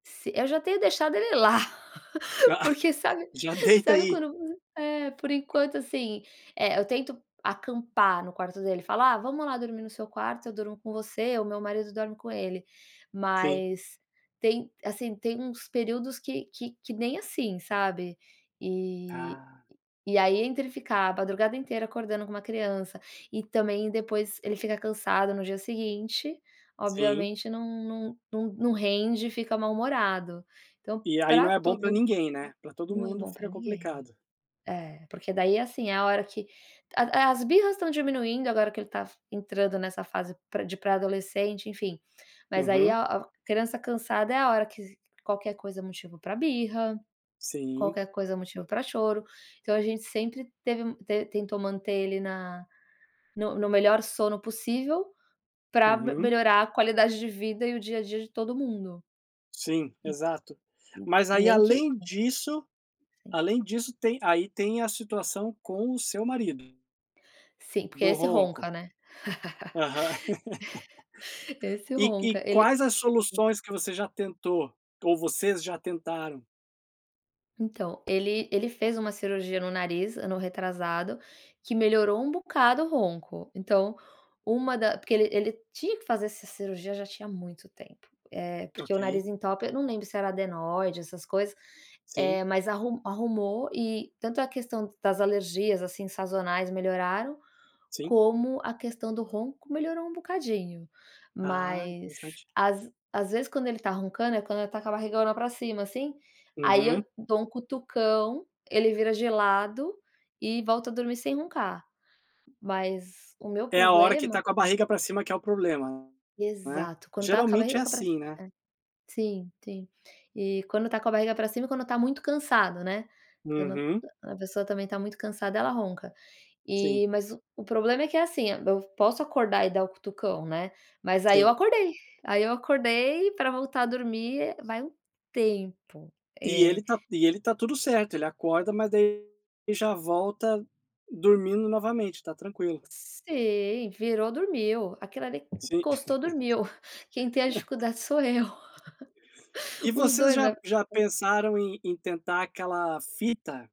Si eu já tenho deixado ele lá, Ah, porque, sabe já deita sabe aí! quando, v é por enquanto assim, eh, eu tento acampar no quarto dele, falar: "Ah, vamos lá dormir no seu quarto, eu durmo com você", ou o meu marido dorme com ele. Sim. Mas, tem assim, tem uns períodos que que que nem assim, sabe. E Ah. e aí, entre ficar a madrugada inteira acordando com uma criança e também depois ele fica cansado no dia seguinte, Sim. obviamente não não não não rende e fica mal-humorado. Então, E aí, não pra é bom pra todo mun ninguém, né, pra todo não é mundo bom pra fica ninguém. complicado. É, porque daí assim, é a hora que a as birras estão diminuindo agora que ele tá entrando nessa fase pra de pré-adolescente, enfim. Mas aí, Uhum. a a criança cansada é a hora que qualquer coisa é motivo pra birra, Sim. qualquer coisa é motivo pra choro, então a gente sempre teve te tentou manter ele na no no melhor sono possível, pra Uhum. melhorar a qualidade de vida e o dia a dia de todo mundo. Sim, N exato. n Mas aí, nem que além disso Sim. além disso, tem aí tem a situação com o seu marido Sim, porque do esse ronco. ronca, né? Aham. Esse E e ronca, ele quais as Hum. soluções que você já tentou, ou vocês já tentaram? Então, ele ele fez uma cirurgia no nariz ano retrasado, que melhorou um bocado o ronco. Então, uma da porque ele ele tinha que fazer essa cirurgia já tinha muito tempo, eh, porque o Ok. nariz entope. Eu não lembro se era adenoide, essas coisas, Sim. eh, mas arru arrumou e tanto a questão das alergias, assim, sazonais melhoraram, Sim. como a questão do ronco melhorou um bocadinho. Ah, Mas, interessante. às às vezes, quando ele tá roncando, é quando ele tá com a barriga lá pra cima assim, aí Uhum. eu dou um cutucão, ele vira de lado, e volta a dormir sem roncar. Mas, o meu É a hora que problema, tá com a né barriga pra cima, que é o problema, né, Exato, quando tá com a geralmente barriga é ca pra cima assim, é. né? Sim, sim. E quando tá com a barriga pra cima, e quando tá muito cansado, né, quando Uhum. a pessoa também tá muito cansada, ela ronca. Sim. E, mas o o problema é que, assim, eu posso acordar e dar o cutucão, né, mas aí eu Sim. acordei aí eu acordei e pra voltar a dormir, vai um tempo. E Eh. ele tá e ele tá tudo certo, ele acorda, mas daí ele já volta dormindo novamente, tá tranquilo. Sim, virou dormiu. Aquele ali, en Sim. encostou dormiu. Quem tem a dificuldade sou eu. E Os vocês dois, já né já pensaram em em tentar aquela fita?